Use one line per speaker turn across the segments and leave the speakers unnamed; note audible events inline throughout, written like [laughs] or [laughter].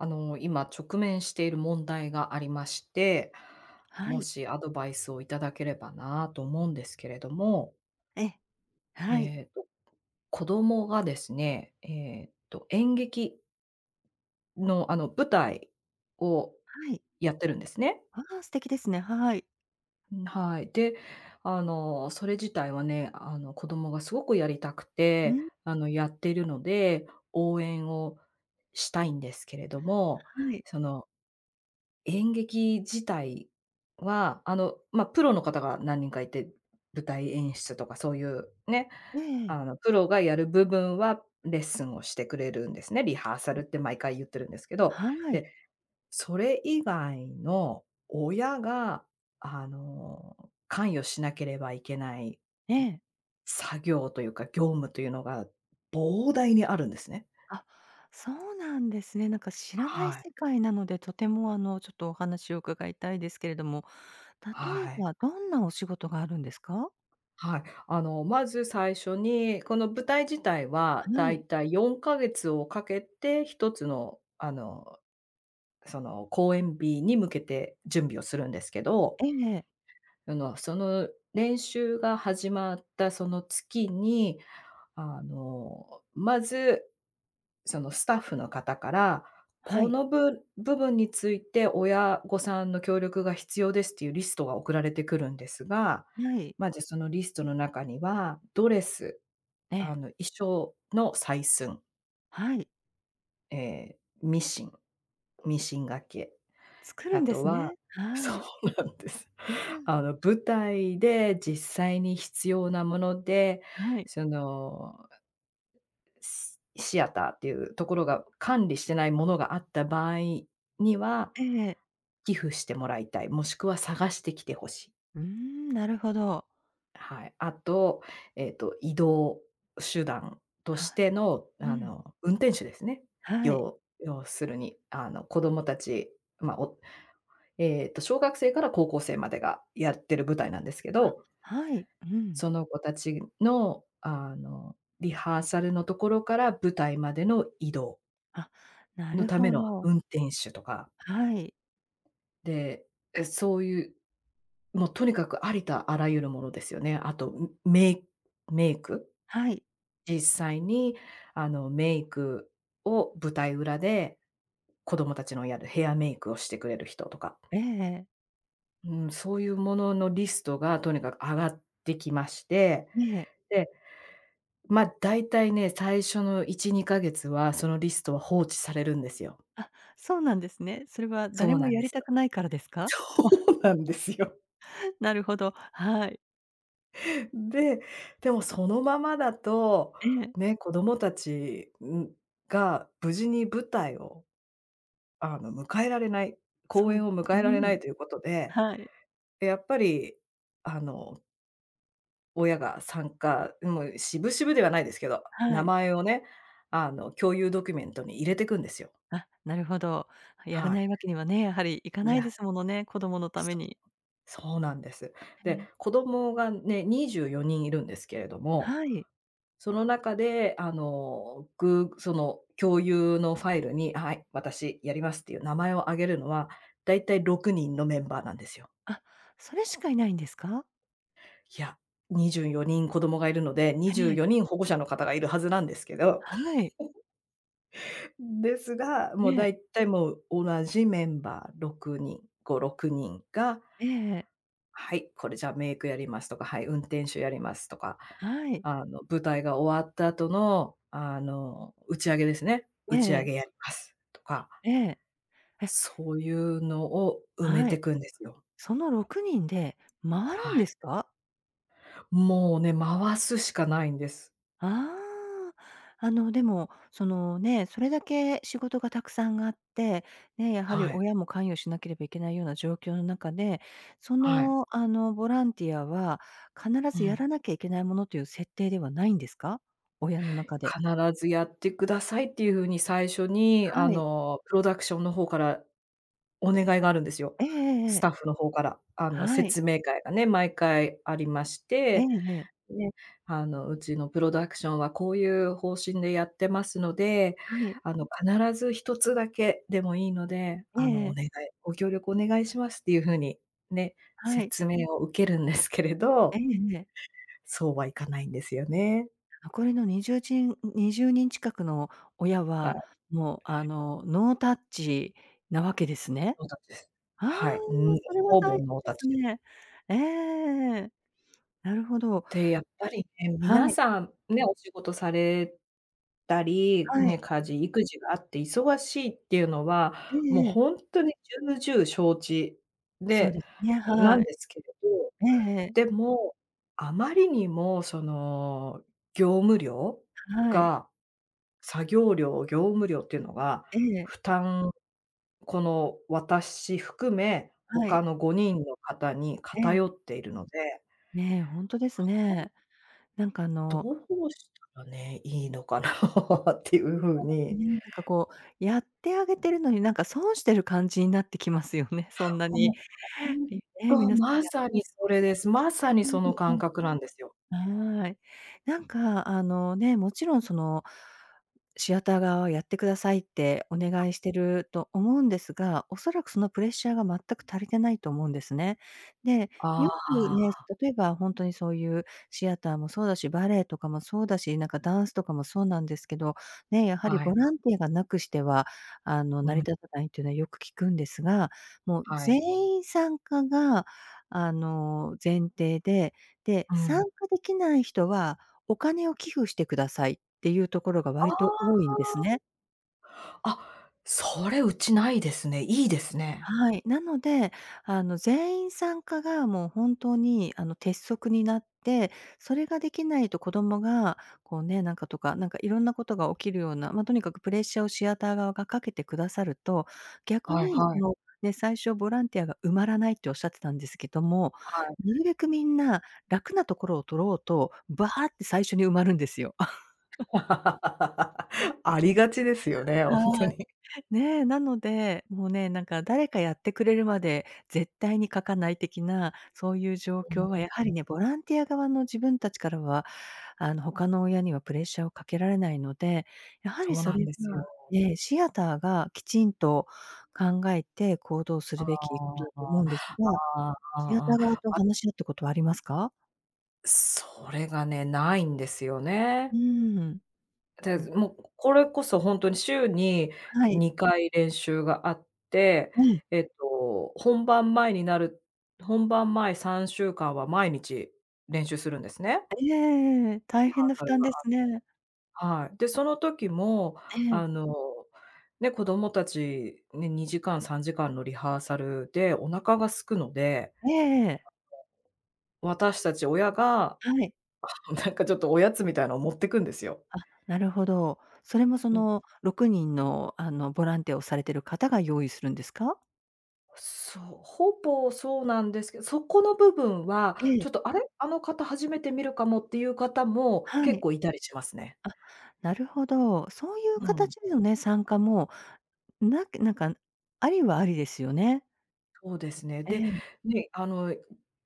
あの、今直面している問題がありまして、
は
も
い。
しアドバイスをいただければなと思うんですけれども
え、はい。
えっと、子供がですね、えっと、演劇の、あの、舞台を
はい。
やってるんですね。
ああ、素敵ですね。はい。
うん、はい。で、あの、それ自体はね、あの、子供がすごくやりたく
う
て、
ん。
あの、やっているので、応援をしたいんですけれども、
はい。
その演劇自体はあの、ま、プロの方が何人かいて、舞台演出とかそういう、ね。
ええええ。
あの、プロがやる部分は、レッスンをしてくれるんですね、リハーサ
う
ル
ん。
って毎回言ってるんですけど。
はい。
で、それ以外の、親が、あの、関与しなければいけない
ええ。
作業というか、業務というのが膨大にあるんですね。
あ、そうなんですね。なんか知らない
はい。
世界なので、とても、あの、ちょっとお話を伺いたいですけれども、例え
はい。
ばどんなお仕事があるんですか？
はい。あの、まず最初に、この舞台自体は
は
だい
い。
たい4か月をかけて一つのあの、その、公演日に向けて準備をするんですけど、
ええええ。
あの、その練習が始まったその月に、あの、まず、そのスタッフの方から、
は
こ
い。
のぶ部分について親御さんの協力が必要ですっていうリストが送られてくるんですが、
はい。
ま、じゃ、そのリストの中には、ドレス、
え
あの、
え。
衣装の採寸。
はい。
ええ、ミシン。ミシンがけ。
作る
あ
んで
と
す
は
ね。
そ
はい。
うなんです。
うん。
あの、舞台で実際に必要なもので、
はい。
そのシアターっていうところが管理してないものがあった場合には、
ええ。
寄付してもらいたい。もしくは探してきて欲しい。
うーん、なるほど。
はい。あと、えっと、移動手段とし
は
ての、
う
あ
ん。
の、運転手ですね。
はい。
よう要するに。あの、子どもたちま、おえっと、小学生から高校生までがやってる舞台なんですけ
あ、
ど。
はい。うん。
その子たちの、あの、リハーサルのところから舞台までの移動
あ、な
の
る
ため
ほ
の
ど。
運転手とか。
はい。
で、え、そういう、もうとにかく、ありとあらゆるものですよね。あと、うメイメイク。
はい。
実際に、あの、メイクを舞台裏で、子供たちのやるヘアメイクをしてくれる人とか。
ええ。
うん、そういう物のリストがとにかく挙がってきまして、
にえ。
で、ま、大体ね、最初の1、2ヶ月はそのリストは放置されるんですよ。
あ、そうなんですね。それは
そ
誰
う
も
なん
や
で
り
す
た
よ。
くないからですか？
そうなんで
[laughs]
すよ。
なるほど、はい。
で、でもそのままだと、
ええ。
ね、子供たち、うん、が無事に舞台を、あの、迎えられない公
そい
演を
う
迎えられな
ん、
いということで、
はい。
で、やっぱりあの親が参加ん、もう、渋々ではないですけど、
は
名
い。
前をね、あの、共有ドキュメントに入れてくんですよ。
あ、なるほど。やら
は
な
い。
いわけにはね、やはりいか
い
ないで
や、
すものね、子供のため
そ
に。
そうなんです。
へ
で、
え。
子供がね、24人いるんですけれども、
はい。
その中で、あの、ぐその共有のファイルに「あ、はい、私やります」っていう名前を挙げるのは、大体6人のメンバーなんですよ。
あ、それしかいないんですか？
いや。24人子供がいるので、に
は
じゅ
に
う
え。
よにん保護者の方がいるはずなんですけど。
はい。
[giggles] ですが、
え
も、だ
え。
いたい、もう同じメンバー6人5、6人が、
ええええ。
「はい、これ、じゃ、メイクやります」とか、「はい、運転手やります」とか。
はい。
あの、舞台が終わった後の、あの、打ち上げですね。
え
「打
え
ち上
ええ。
げやります」とか。
ええ。え。
そういうのを埋め
は
て
い。
くんですよ。
その６人で回
は
るん
い。
ですか？
もうね、回すしかないんです。
ああ。あの、でも、その、ね、それだけ仕事がたくさんあって、ね、やはり
はい。
親も関与しなければいけないような状況の中で、そ
はい。
の、あの、ボランティアは必
う
ずやら
ん。
なきゃいけないものという設定ではないんですか？親の中で。
必ずやってくださいっていうふうに、最初に、あ
はい。
の、プロダクションの方からお願いがあるんですよ。
えええええ
ス
え。
タッフの方から、あの、
はい。
説明会がね、毎回ありまし
ええ
て。
ええ。
で、あの、うちのプロダクションはこういう方針でやってますので、
はい。
あの、必ず1つだけでもいいので、
え
あの、
ええ
お
え。
願いご協力お願いしますっていうふうにね、
はい。
説明を受けるんですけれ
え
ど。
えええ。
そうはいかないんですよね。
残りの20じんに20人近くの親
は
は、
い。
もう、あの、ノータッチなわけですね。
ノータッチです。
ああ、
はい、うーん、
それは
ほ
大変
ぼ
で
ノータッ
す
チ。
ね。ええええええええ。なるほど。
で、やっぱりね、
は
皆
い。
さん、ね、お仕事されたり、
は
ね、
い。
家事育児があって忙しいっていうのは、
え
もう
えええ。
ほんとに重々承知
そう
で
ですね、
なん
はい。
ですけれど。
ええええ。
でも、あまりにも、その、業務量
はい。
が作業量、業務量っていうのが、
ええ。
負担この私含め、
はい。
他の5人の方に
ええ。
偏っているので。
ね、ほんとで
ま、
す
ほん
ね。なんか、あ
ど
の
うしたらね、いいのかな [laughs] ってい
ほん
う
とで
ふう
す
に。
ね。なんか、こう、やってあげてるのに、なんか、損してる感じになってきますよね。そんな
う
に、
ん、ほん
いね、
と。
皆さん
まさにそれです。まさにその感
[unintelligible]
覚なんですよ。
はい。なんか、あの、ね、もちろん、その、シアター側は、やってくださいってお願いしてると思うんですが、恐らくそのプレッシャーが全く足りてないと思うんですね。で、
ああ
よく
あ
ね、
あ。
例えば、ほんとにそういうシアターもそうだし、バレエとかもそうだし、なんかダンスとかもそうなんですけど、ね、やはり
は
ボ
い。
ランティアがなくしては、あの、
う
成り
ん。
立たないっていうのはよく聞くんですが、もう、
は
全
い。
員参加が、あの、前提で、で、
う
参
ん。
加できない人は、お金を寄付してくださいっていうところが割と
あ
多いんですね。
あ。あ、それ、うちないですね。いいですね。
はい。なので、あの、全員参加が、もう、本当に、あの、鉄則になって、それができないと子供が、こうね、なんかとか、なんか、いろんなことが起きるような。ま、とにかく、プレッシャーをシアター側がかけてくださると、逆
はい
に、
は
そ
い。
の、ね、最初、ボランティアが埋まらないって仰ってたんですけども、
はい。
なるべくみんな楽なところを取ろうと、バーって最初に埋まるんですよ。[chuckles]
[laughs] ありがちですよね。ほん
は
と
い。
に。
ねえ。なので、もうね、なんか、誰かやってくれるまで絶対に書かない的な、そういう状況は、やはり
[unintelligible]
ね、ボランティア側の自分たちからは、あの、他の親にはプレッシャーをかけられないので、やはり
そう
そ
なん
れ
ですよ。
はええ、シアターが、きちんと考えて行動す
あ
るべきこと
あ
だと思
あ
う
あ
んですが。
ああ、あ
シア
あ、
タ
あ
ー側
あ。
と
あ
話し合ったことはありますか？
それがね、無いんですよね。
うーん。
て
う
ず
ん。
もう、これこそほんとに週に
はい。
2回練習があって、
ええ。
えっと、本番前になる本番前3週間は毎日練習するんですね。
ええ-ええええ。大
リハ
変な
ー
負
サル
担
が
で
あっ
す
て。
ね。
はい。で、その時も、
ええ。
あの、ね、子供たちに2時間、3時間のリハーサルでお腹が空くので、
ええええ。
[unintelligible] 私たち親が、
はい。
[chuckles] なんか、ちょっとおやつみたいのを持ってくんですよ。
あ、なるほど。それもそ
うん。
の、6人の、あの、ボランティアをされてる方が用意するんですか？
そう、ほぼそうなんですけど、そこの部分は、
え
ち
え。
ょっと、「あれ？あの方初めて見るかも」っていう方も
は
結
い。
構居たりしますね。
あ、なるほど。そういう
うん。
形でのね、参加も、なくなんか、ありはありですよね。
そうですね。
え
で、
え。
ね、あの、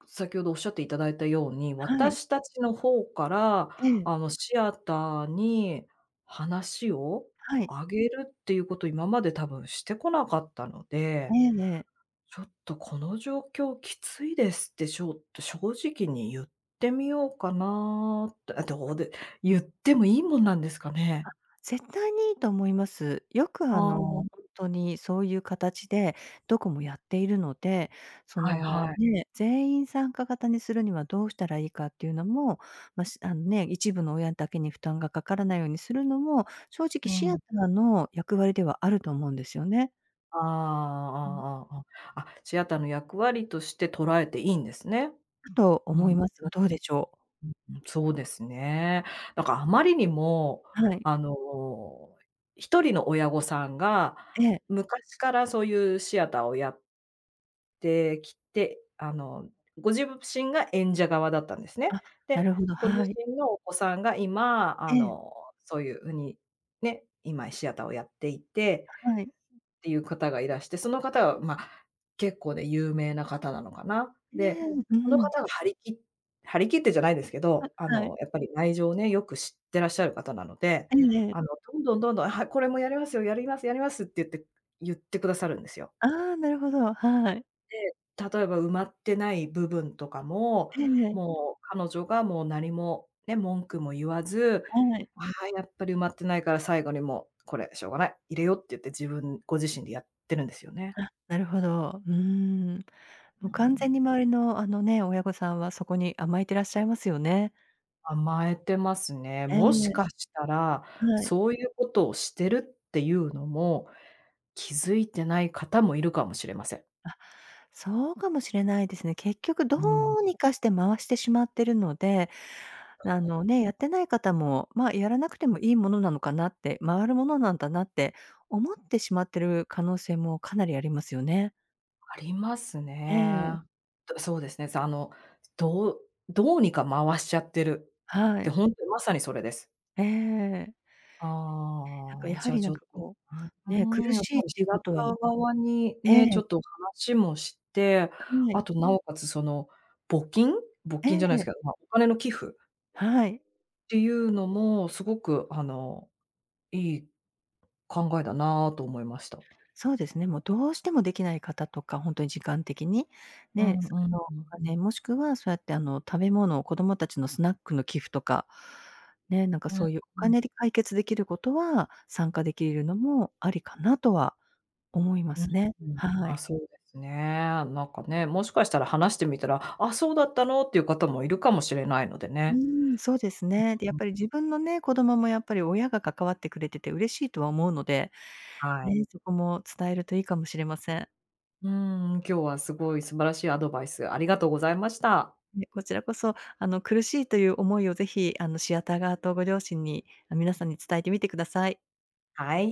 先ほど仰っていただいた様に、
はい。
私たちの方から、
ええ。
あの、シアターに話を
はい。
あげるっていうことを今まで多分してこなかったの
え
で、
えええ。
「ちょっと、この状況きついです」ってちょっと正直にゆってみようかなって、え、どうでゆってもいいもんなんですか
あ、
ね？
絶対にいいと思います。よく、あ
あ
の、ほ
あ。
んとに、そういう形でどこもやっているので、そ
はい
の、
はい。
ね、全員参加型にするにはどうしたらいいかっていうのも、ましあんね、一部の親だけに負担がかからないようにするのも、正直、
う
シ
ー
アタ
ん。
ーの役割ではあると思うんですよね。
ああ、
うん。
ああ、あああ。あ、シアターの役割として捉えていいんですね。
んと、
うん、
思
う
いますが、どうでしょう？
うん、そうですね。だからあまりにも、
はい。
あの、1人の親御さんが、
ええ。
昔からそういうシアターをやってきて、あの、ごじぶしんが演者側だったんですね。
あ、な
で、
るほど、
ご自
はい。
身のお子さんが今、あ
ええ。
の、そういううに、ね、今シアターをやっていて、
はい。
っていう方がいらして、その方は、ま、結構ね、有名な方なのかな。
ね
で、
え、う
その
ん。
方が張り切張り切ってじゃないですけ
あ、
ど、あ
はい。
の、やっぱり内情をね、よく知ってらっしゃる方なので、
えええ
あ
え。
の、どんどんどんどん「はい、これもやりますよ、やりますやります」ってゆってゆってくださるんですよ。
ああ、なるほど、はい。
で、例えば埋まってない部分とかも、
ええ。
もう彼女がもう、何も、ね、文句も言わず、
はい。
ああ、やっぱり埋まってないから最後にもう、「これしょうがない、入れよう」って言って自分ご自身でやってるんですよね。
あ、なるほど。うーん。
う
もう完全
ん。
に周りの、あのね、親御さんはそこに甘えてらっしゃいますよね。
甘えてますね。
ええ。
もしかしたら、
はい。
そういうことをしてるっていうのも、気付いてない方も居るかもしれません。
あ、そうかもしれないですね。結局ど
うーん。
うにかして回してしまってるので、あのね、やってない方も、「ま、やらなくてもいいものなのかな」って、「回るものなんだな」って思ってしまってる可能性もかなりありますよね。
あります
ええ。
ね。と、そうですね、さの、どうどうにか回しちゃってるっ
は
て、
い。
ほんとにまさにそれです。
ええ。なんか、
ああ、
や
じ
は
ゃ、
り、
ち
なん
ょっ
か、
と
こ
う
う、ね、
ー
苦
ん、やっ
しい
ぱ
っ
り
て
シ
いう
ア
こ
タ
とは
ー側に
え
ね、ちょ
え。
っと話もして、
は
あ
い。
と、なおかつ、その、募金？募
え
金じゃない
え。
すけど、ま、お金の寄付
はい。
っていうのも、すごく、あの、いい考えだなと思いました。
そうですね。もう、どうしても出来ない方とか、ほんとに時間的に、
うん
ね、そ
うん
の、お
うん。
金、もしくはそうやって、あの、食べ物、子どもたちのスナックの寄付とか、ね、なんか
うー
そういうお
ん。
金で解決出来ることは、参加出来るのもありかなとは思いま
うん
すね。
うん。
は
あ、
い。
そうですね。なんかね、もしかしたら話してみたら、「あ、そうだったの」っていう方も居るかもしれないので
う
ね。
ーん、そうですね。で、やっ
[unintelligible]
ぱり自分のね、子供もやっぱり親が関わってくれてて嬉しいとは思うので、
はい。
ね、そこも伝えるといいかもしれません。
うーん、今日はすごい素晴らしいアドバイス、ありがとうございました。
いえ、こちらこそ、あの、苦しいという思いをぜひ、あの、シアター側とご両親にあ、皆さんに伝えてみてください。
はい。